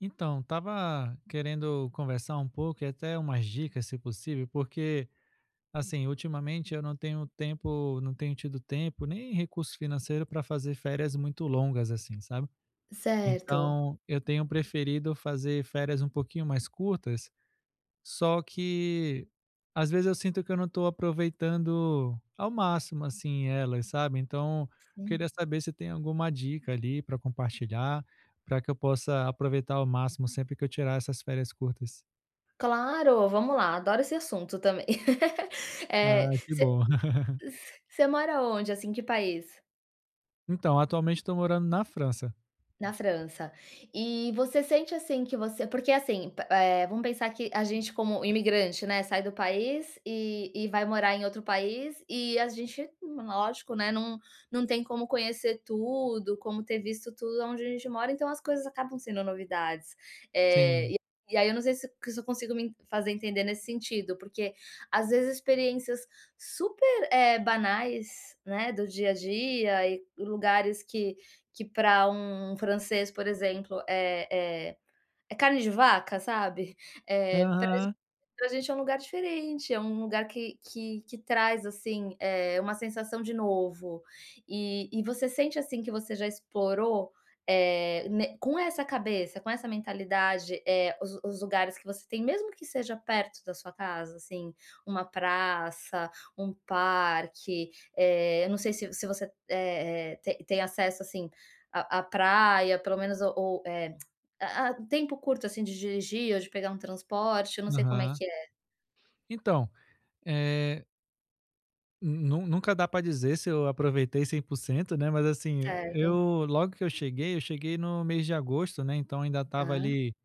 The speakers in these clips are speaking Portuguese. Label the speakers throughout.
Speaker 1: Então, estava querendo conversar um pouco e até pedir umas dicas, se possível, porque, assim, ultimamente eu não tenho tempo não tenho tido tempo, nem recurso financeiro para fazer férias muito longas, assim, sabe
Speaker 2: Certo.
Speaker 1: Então eu tenho preferido fazer férias um pouquinho mais curtas só que às vezes, eu sinto que eu não estou aproveitando ao máximo, assim, elas, sabe. Então,
Speaker 2: Sim.
Speaker 1: queria saber se tem alguma dica ali para compartilhar, para que eu possa aproveitar ao máximo sempre que eu tirar essas férias curtas.
Speaker 2: Claro, vamos lá. Adoro esse assunto também.
Speaker 1: Ah,
Speaker 2: É,
Speaker 1: que
Speaker 2: você
Speaker 1: bom.
Speaker 2: você mora onde, assim? Que país?
Speaker 1: Então, atualmente estou morando na França.
Speaker 2: Na França. E você sente, assim, que você porque, assim, pa eh, vamos pensar que a gente, como imigrante, né, sai do país e e vai morar em outro país. E a gente, lógico, né, num não tem como conhecer tudo, como ter visto tudo onde a gente mora, então as coisas acabam sendo novidades, eh,
Speaker 1: Sim.
Speaker 2: e aí eu não sei se se eu consigo me fazer entender nesse sentido, porque, às vezes, experiências super, eh, banais, né, do dia a dia e lugares que que, para um francês, por exemplo, é é é carne de vaca, sabe. Eh, para a gente
Speaker 1: Aham.
Speaker 2: para agente é um lugar diferente, é um lugar que que que traz, assim, eh, uma sensação de novo. E e você sente, assim, que você já explorou, eh, né com essa cabeça, com essa mentalidade, eh, os os lugares que você tem, mesmo que seja perto da sua casa, assim. Uma praça, um parque, eh, eu não sei se se você, eh eh, te tem acesso, assim, à praia, pelo menos, ou ou, eh, a a tempo curto, assim, de dirigir ou de pegar um transporte. Eu não sei como é
Speaker 1: Aham.
Speaker 2: que é.
Speaker 1: Então, eh Nun nunca dá pra dizer se eu aproveitei 100% né. Mas, assim,
Speaker 2: Certo.
Speaker 1: eu, logo que eu cheguei, eu cheguei no mês de agosto, né. Então ainda estava
Speaker 2: Tá.
Speaker 1: ali no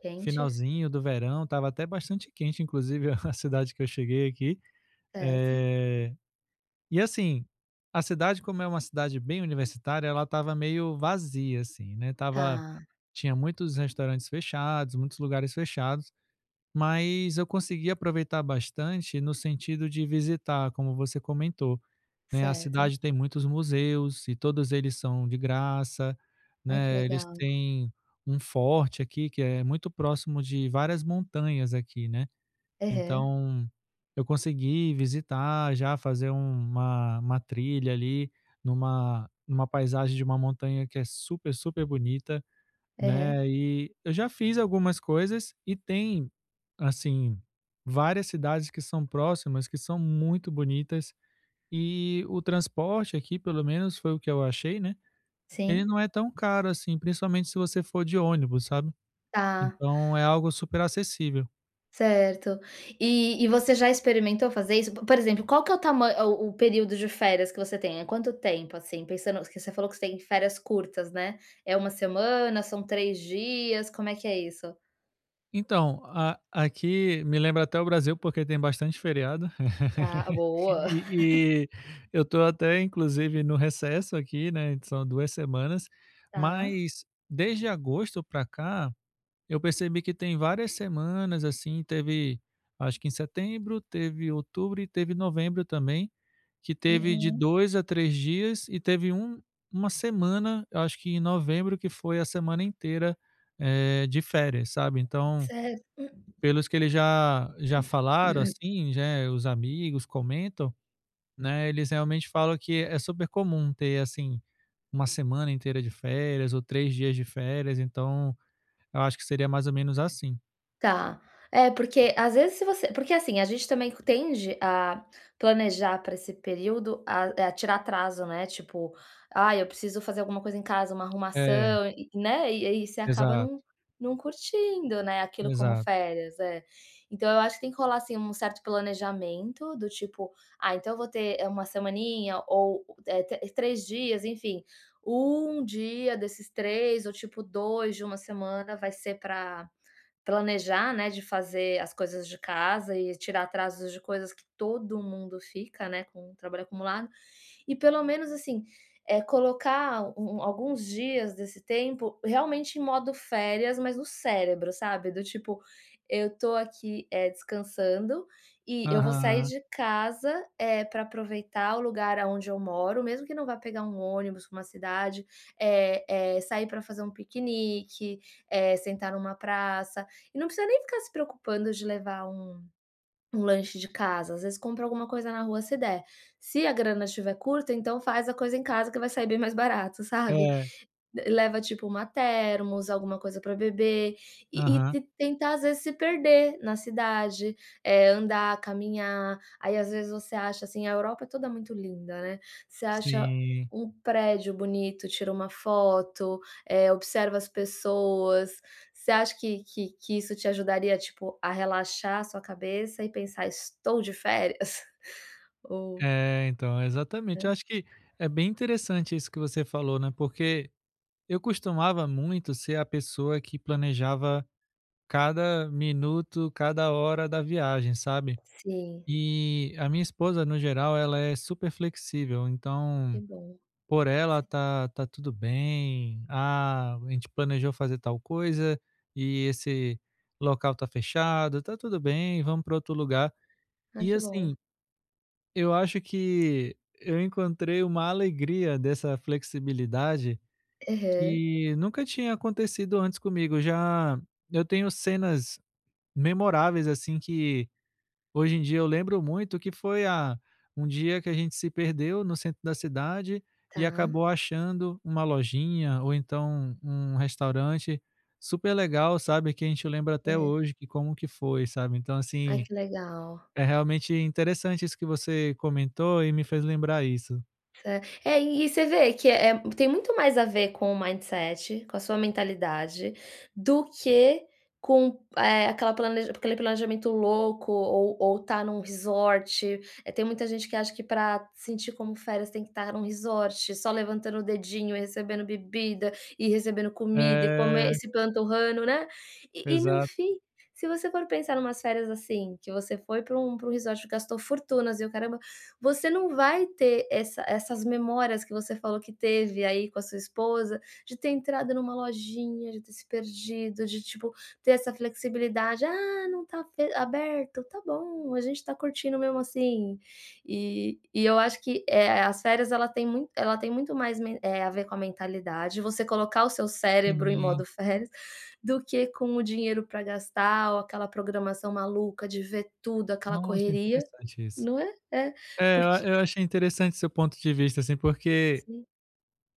Speaker 2: Quente?
Speaker 1: finalzinho do verão. Estava até bastante quente, inclusive. A cidade que eu cheguei aqui...
Speaker 2: Certo.
Speaker 1: Eh, e assim, a cidade, como é uma cidade bem universitária, ela estava meio vazia, assim, né. Estava
Speaker 2: Tá.
Speaker 1: tinha muitos restaurantes fechados, muitos lugares fechados, mas eu consegui aproveitar bastante no sentido de visitar, como você comentou, né. A
Speaker 2: Certo.
Speaker 1: cidade tem muitos museus e todos eles são de graça,
Speaker 2: Ai que
Speaker 1: né. Eles
Speaker 2: legal.
Speaker 1: têm um forte aqui que é muito próximo de várias montanhas aqui, né.
Speaker 2: Aham.
Speaker 1: Então eu consegui visitar, já fazer uma uma trilha ali numa numa paisagem de uma montanha que é super super bonita, né.
Speaker 2: Uhum.
Speaker 1: E eu já fiz algumas coisas e tem, assim, várias cidades que são próximas, que são muito bonitas. E o transporte aqui, pelo menos foi o que eu achei, né, ele
Speaker 2: Sim.
Speaker 1: não é tão caro assim, principalmente se você for de ônibus, sabe?
Speaker 2: Tá.
Speaker 1: Então é algo super acessível.
Speaker 2: Certo. E e você já experimentou fazer isso? Po por exemplo, qual que é o tama o o período de férias que você tem? É quanto tempo, assim, pensando que você falou que você tem férias curtas, né? É 1 semana, são 3 dias, como é que é isso?
Speaker 1: Então, a aqui me lembra até o Brasil porque tem bastante feriado.
Speaker 2: Ah, boa.
Speaker 1: E e eu tô até inclusive no recesso aqui, né, são duas semanas,
Speaker 2: Tá.
Speaker 1: mas desde agosto pra cá, eu percebi que tem várias semanas assim, teve acho que em setembro, teve outubro e teve novembro também, que teve de
Speaker 2: Aham.
Speaker 1: 2 a 3 dias e teve um uma semana, eu acho que em novembro, que foi a semana inteira, eh, de férias, sabe. Então,
Speaker 2: Cer
Speaker 1: pelos que eles já já falaram assim, já é, os amigos comentam, né, eles realmente falam que é super comum ter, assim, 1 semana inteira de férias ou 3 dias de férias, então eu acho que seria mais ou menos assim.
Speaker 2: Tá. É, porque às vezes se você porque assim, a gente também tende a planejar pra esse período, a é, tirar atraso, né, tipo: "Ai, eu preciso fazer alguma coisa em casa, uma
Speaker 1: É.
Speaker 2: arrumação", e né, e aí você acaba
Speaker 1: Exato.
Speaker 2: não não curtindo, né, aquilo como
Speaker 1: Exato.
Speaker 2: férias, é. Então eu acho que tem que rolar assim um certo planejamento do tipo: "Ah, então eu vou ter, é, 1 semaninha ou o é tr 3 dias", enfim. 1 dia desses 3 ou tipo 2 de 1 semana vai ser pra planejar, né, de fazer as coisas de casa e tirar atrasos de coisas que todo mundo fica, né, com trabalho acumulado. E pelo menos assim, eh, colocar um um alguns dias desse tempo realmente em modo férias, mas o cérebro, sabe. Do tipo, eu tô aqui, eh, descansando e eu vou sair
Speaker 1: Aham.
Speaker 2: de casa, eh, pra aproveitar o lugar aonde eu moro, mesmo que não vá pegar um ônibus pra uma cidade, eh eh, sair pra fazer um piquenique, eh, sentar numa praça. E não precisa nem ficar se preocupando de levar um um lanche de casa, às vezes compra alguma coisa na rua se der, se a grana tiver curta, então faz a coisa em casa que vai sair bem mais barato, sabe.
Speaker 1: É.
Speaker 2: Leva tipo uma thermos, alguma coisa pra beber e e
Speaker 1: Aham.
Speaker 2: te tentar às vezes se perder na cidade, é, andar, caminhar. Aí às vezes você acha assim a Europa é toda muito linda, né, você acha
Speaker 1: Sim.
Speaker 2: um prédio bonito, tira uma foto, eh, observa as pessoas. Você acha que que que isso te ajudaria, tipo, a relaxar a sua cabeça e pensar: "estou de férias", ou
Speaker 1: É, então,
Speaker 2: Hã.
Speaker 1: exatamente. Eu acho que é bem interessante isso que você falou, né, porque eu costumava muito ser a pessoa que planejava cada minuto, cada hora da viagem, sabe.
Speaker 2: Sim.
Speaker 1: E a minha esposa, no geral, ela é super flexível,
Speaker 2: Que
Speaker 1: então
Speaker 2: bom.
Speaker 1: por ela,
Speaker 2: [unintelligible]
Speaker 1: tá tá tudo bem. "Ah, a gente planejou fazer tal coisa e esse local tá fechado, tá tudo bem, vamo pra outro lugar".
Speaker 2: Ai
Speaker 1: E
Speaker 2: que bom.
Speaker 1: assim, eu acho que eu encontrei uma alegria dessa flexibilidade
Speaker 2: Aham.
Speaker 1: que nunca tinha acontecido antes comigo. Já eu tenho cenas memoráveis assim que hoje em dia, eu lembro muito que foi a um dia que a gente se perdeu no centro da cidade e
Speaker 2: Tá.
Speaker 1: acabou achando uma lojinha ou então um um restaurante super legal, sabe, que a gente lembra até
Speaker 2: É.
Speaker 1: hoje que como que foi, sabe. Então
Speaker 2: Ai
Speaker 1: assim,
Speaker 2: que legal.
Speaker 1: é realmente interessante isso que você comentou e me fez lembrar isso.
Speaker 2: Certo. É é, você vê que, eh, tem muito mais a ver com o mindset com a sua mentalidade, do que com, eh, aquele planeja aquele planejamento louco ou ou estar num resort eh, tem muita gente que acha que para sentir como férias, tem que estar em um resort só levantando o dedinho, recebendo bebida, e recebendo comida e comer e
Speaker 1: É.
Speaker 2: se empanturrando, né. E e no
Speaker 1: Exato.
Speaker 2: fim, se você for pensar numas férias, assim, que você foi para um para um resort gastou fortunas e o caramba, você não vai ter essa essas memórias que você falou que teve aí com a sua esposa, de ter entrado numa lojinha, de ter se perdido, de, tipo, ter essa flexibilidade: "Ah, não está fe aberto. Tá bom, a gente está curtindo mesmo assim." E e eu acho que, eh eh, as férias ela têm mui ela tem muito mais men eh, a ver com a mentalidade, você colocar o seu cérebro em
Speaker 1: Sim.
Speaker 2: modo férias, do que com o dinheiro para gastar ou aquela programação maluca de ver tudo, aquela
Speaker 1: Nossa,
Speaker 2: correria,
Speaker 1: interessante isso.
Speaker 2: não é? É,
Speaker 1: É, e
Speaker 2: porque
Speaker 1: eu achei interessante seu ponto de vista, assim, porque,
Speaker 2: Sim.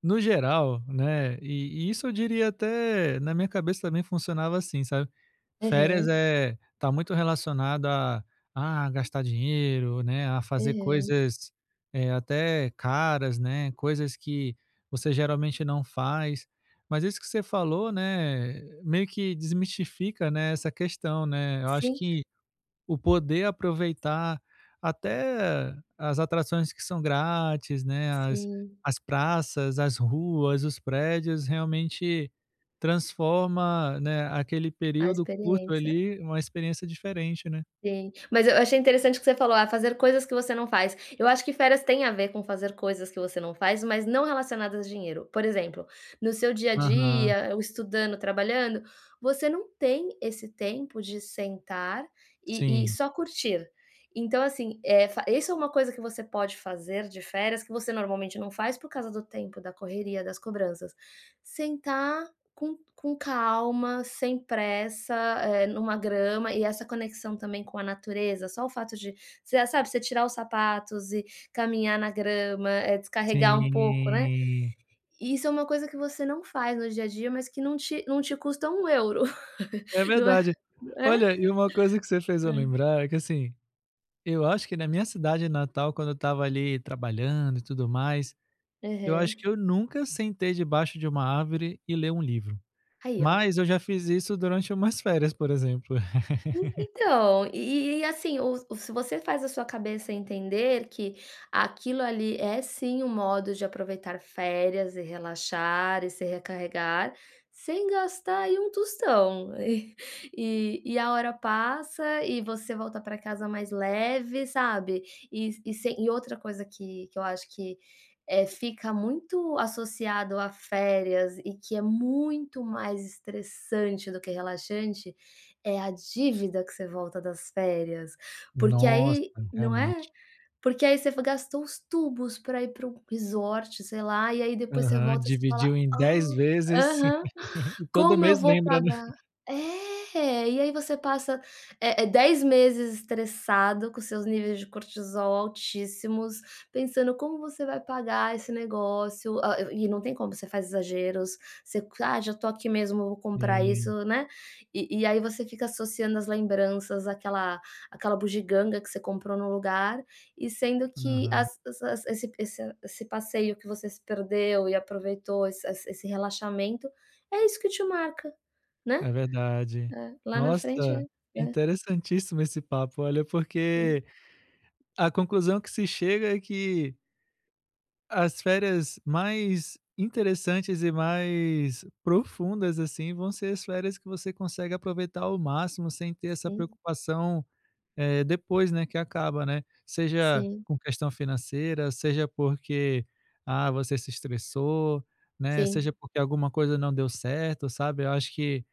Speaker 1: no geral, né, e e isso eu diria até na minha cabeça também funcionava assim, sabe. Férias,
Speaker 2: Aham.
Speaker 1: eh, tá muito relacionado a a gastar dinheiro, né, a fazer
Speaker 2: Aham.
Speaker 1: coisas, eh, até caras, né, coisas que você geralmente não faz. Mas isso que você falou, né, eh, meio que desmistifica, né, essa questão, né. Eu acho
Speaker 2: Sim.
Speaker 1: que, o poder aproveitar até as atrações que são grátis, né, as
Speaker 2: Sim.
Speaker 1: as praças, as ruas, os prédios, realmente transforma, né, aquele
Speaker 2: A
Speaker 1: período curto
Speaker 2: experiência
Speaker 1: ali numa experiência diferente, né.
Speaker 2: Sim, mas eu achei interessante o que você falou: "Ah, fazer coisas que você não faz." Eu acho que férias têm a ver com fazer coisas que você não faz, mas não relacionadas a dinheiro. Por exemplo, no seu dia a
Speaker 1: Aham.
Speaker 2: dia, estudando, trabalhando, você não tem esse tempo de sentar e e
Speaker 1: Sim.
Speaker 2: só curtir. Então, assim, é, fa isso é uma coisa que você pode fazer de férias, que você normalmente não faz por causa do tempo, da correria, das cobranças. Sentar com com calma, sem pressa, eh, numa grama e essa conexão também com a natureza. Só o fato de você, sabe, você tirar os sapatos e caminhar na grama, eh,
Speaker 1: Sim.
Speaker 2: descarregar um pouco, né. Isso é uma coisa que você não faz no dia a dia, mas que não te não te custa 1 euro.
Speaker 1: É
Speaker 2: Não é,
Speaker 1: verdade.
Speaker 2: é.
Speaker 1: Olha, e uma coisa que você fez eu
Speaker 2: Hã.
Speaker 1: lembrar, é que, assim, eu acho que na minha cidade natal, quando eu estava ali trabalhando e tudo mais, eu acho
Speaker 2: Aham.
Speaker 1: que eu nunca sentei debaixo de uma árvore e ler um livro.
Speaker 2: Aí, ó.
Speaker 1: Mas eu já fiz isso durante umas férias, por exemplo.
Speaker 2: E então, e e e, assim, o o se você faz a sua cabeça entender que aquilo ali é, sim, um modo de aproveitar férias, e relaxar e se recarregar sem gastar aí um tostão. E e e a hora passa e você volta para casa mais leve, sabe. E s e outra coisa que que eu acho que, eh, fica muito associada a férias e que é muito mais estressante do que relaxante é a dívida que você volta das férias, porque
Speaker 1: Nossa,
Speaker 2: aí não é?
Speaker 1: realmente.
Speaker 2: Porque aí você gastou os tubos para ir para um para um resort sei lá, e aí depois você
Speaker 1: Aham,
Speaker 2: volta e você fala:
Speaker 1: dividiu em 10
Speaker 2: "Ah,
Speaker 1: vezes.
Speaker 2: aham,
Speaker 1: E todo
Speaker 2: como eu
Speaker 1: mês
Speaker 2: vou
Speaker 1: lembra, né?
Speaker 2: pagar?" É, e aí você passa, é é 10 meses estressado com seus níveis de cortisol altíssimos, pensando como você vai pagar esse negócio, ah e e não tem como, você faz exageros. Você: "Ah, já estou aqui mesmo, vou comprar
Speaker 1: Sim.
Speaker 2: isso.", né. E e aí você fica associando as lembranças àquela àquela bugiganga que você comprou no lugar e sendo que
Speaker 1: Aham.
Speaker 2: as as esse esse esse passeio em que você se perdeu e aproveitou, esse esse esse relaxamento, é isso que te marca, né.
Speaker 1: É verdade.
Speaker 2: É, lá na frente
Speaker 1: Nossa,
Speaker 2: é, é.
Speaker 1: interessantíssimo esse papo, olha,
Speaker 2: Sim.
Speaker 1: porque a conclusão a que se chega é que as férias mais interessantes e mais profundas, assim, vão ser as férias que você consegue aproveitar ao máximo sem ter essa
Speaker 2: Sim.
Speaker 1: preocupação, eh, depois, né, que acaba, né. Seja
Speaker 2: Sim.
Speaker 1: com questão financeira, seja porque, ah, você se estressou, né, seja
Speaker 2: Sim.
Speaker 1: porque alguma coisa não deu certo, sabe. Eu acho que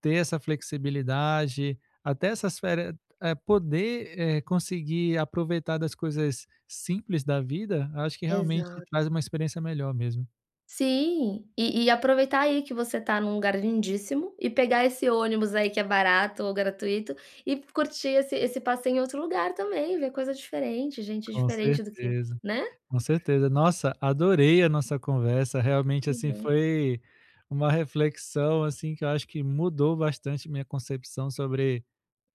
Speaker 1: ter essa flexibilidade, até essas férias eh, poder, éh, conseguir aproveitar das coisas simples da vida, acho que realmente
Speaker 2: Exato.
Speaker 1: traz uma experiência melhor mesmo.
Speaker 2: Sim, e e aproveitar aí que você está num lugar lindíssimo e pegar esse ônibus aí, que é barato ou gratuito, e curtir esse esse passeio em outro lugar também, ver coisa diferente, gente
Speaker 1: Com
Speaker 2: diferente do que
Speaker 1: certeza,
Speaker 2: né.
Speaker 1: com certeza. Nossa, adorei a nossa conversa. Realmente,
Speaker 2: Que
Speaker 1: assim,
Speaker 2: bom.
Speaker 1: foi uma reflexão, assim, que eu acho que mudou bastante minha concepção sobre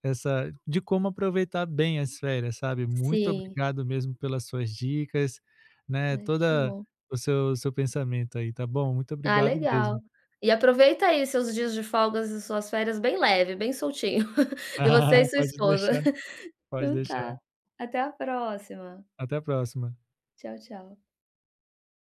Speaker 1: essa de como aproveitar bem as férias, sabe. Muito
Speaker 2: Sim.
Speaker 1: obrigado mesmo pelas suas dicas, né,
Speaker 2: Ai, que
Speaker 1: toda
Speaker 2: bom.
Speaker 1: o seu o seu pensamento aí, tá bom. Muito
Speaker 2: Ah,
Speaker 1: obrigado
Speaker 2: legal.
Speaker 1: mesmo.
Speaker 2: E aproveita aí seus dias de folga e suas férias bem leves, bem soltinho. Você
Speaker 1: Ah.
Speaker 2: e sua
Speaker 1: Pode
Speaker 2: esposa.
Speaker 1: deixar, pode
Speaker 2: Então, tá.
Speaker 1: deixar.
Speaker 2: Até a próxima.
Speaker 1: Até a próxima.
Speaker 2: Tchau, tchau.